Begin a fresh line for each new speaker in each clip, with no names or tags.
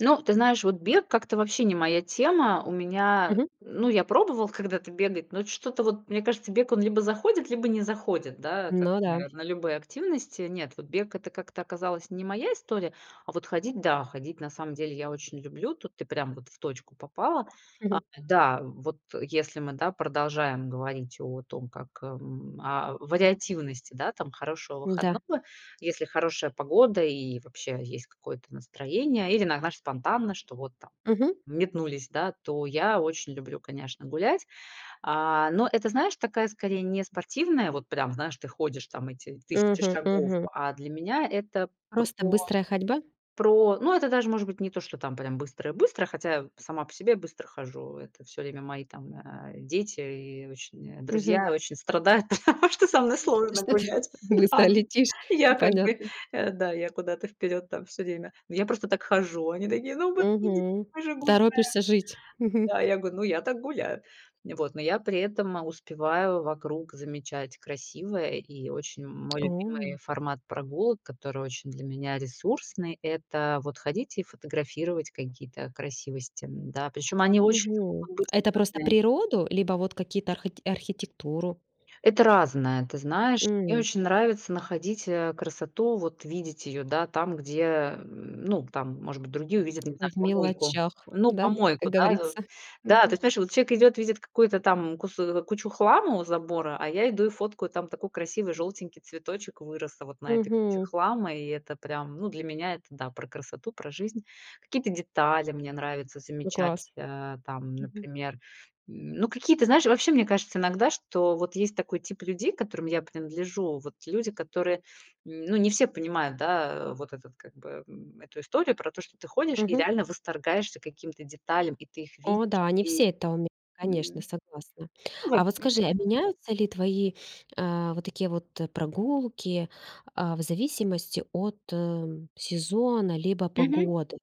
Ну, ты знаешь, вот бег как-то вообще не моя тема. У меня,
Мгм.
ну, я пробовал когда-то бегать, но что-то вот, мне кажется, бег, он либо заходит, либо не заходит, да, как,
Ну да.
наверно, любые активности. Нет, вот бег- это как-то оказалась не моя история, а вот ходить- да, ходить на самом деле я очень люблю. Тут ты прям вот в точку попала. А, да, вот если мы, да, продолжаем говорить о том, как, м, о вариативности, да, там хорошего
Да.
выходного. Если хорошая погода, и вообще есть какое-то настроение, или на знаешь, спонтанно, что вот там
Мгм.
метнулись, да, то я очень люблю, конечно, гулять. А, но это, знаешь, такая скорее не спортивная вот прям, знаешь, ты ходишь там эти тысячи
Мгм,
шагов,
мгм.
а для меня это про
Просто быстрая ходьба?
про, ну, это даже может быть не то, что там прям быстрая-быстрая. Хотя сама по себе я быстро хожу, это всё время мои там, а, дети и, э, очень
Мгм.
друзья очень страдают, потому что со мной
То,
сложно
что ты
гулять. Да,
быстро
они
летишь?
я как бы,
Понятно.
э, да, я куда-то вперед там всё время. Но я просто так хожу, они такие: "Ну подожди, ну
Мгм,
мы же гуляем!"
торопишься жить. Мгм.
Да. Я говорю: "Ну я так гуляю." Вот, но я при этом успеваю вокруг замечать красивое, и очень мой
О.
любимый формат прогулок, который очень для меня ресурсный- это вот ходить и фотографировать какие-то красивости, м, да. Причем они очень
Мгм.
могут быть
Это просто
разные.
природу, либо вот какие-то архыт архитектуру?
Это разное, ты знаешь. Мне
М.
очень нравится находить, э, красоту, вот видеть ее, да, там, где, м, ну, там может быть другие увидят, не знаю,
В
помойку.
мелочах,
Ну,
да, как
помойку, да.
говорится.
Да, то
Мгм.
есть, понимаешь, вот чек идет, видит какую-то там кус кучу хлама у забора, а я иду и фоткаю, там такой красивый желтенький цветочек вырос вот на этой куче
Мгм.
хлама. И это, прям, ну, для меня это, да, про красоту, про жизнь. Какие-то детали мне нравится
Ну класс.
замечать, э, там,
Мгм.
например, ну, какие-то, знаешь, вообще, мне кажется иногда, что вот есть такой тип людей, к которым я принадлежу. Вот люди, которые ну, не все понимают, да, э, вот этот, как бы, м, эту историю про то, что ты ходишь и
Мгм.
реально восторгаешься каким-то деталям, и ты их видишь
О да, не
и м,
все это умеют. Конечно, согласна.
ну,
А
во-п
вот скажи,
мгм.
а меняются ли твои, э, вот такие вот прогулки, а, в зависимости от, э, сезона, либо
Мгм.
погоды?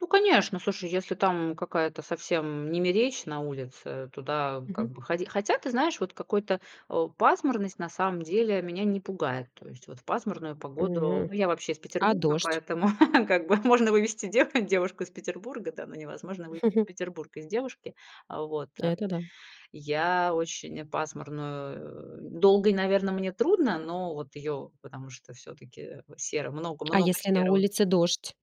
Ну, конечно. Слушай, если там какая-то совсем немеречь на улице, туда как
Мгм.
бы ход хотя ты знаешь, вот какой-то о, пасмурность на самом деле меня не пугает. То есть вот в пасмурную погоду-
М.
ну, я вообще из
А
Петербурга,-
дождь?
поэтому как бы, можно вывести дево девушку из Петербурга, да, но невозможно вывезти Петербург из девушки. Э, вот,
Это да.
я очень пасмурную э, долго и, наверно, мне трудно, но вот ее потому что всё-таки серо,
А
много-много
если на
серого.
улице дождь?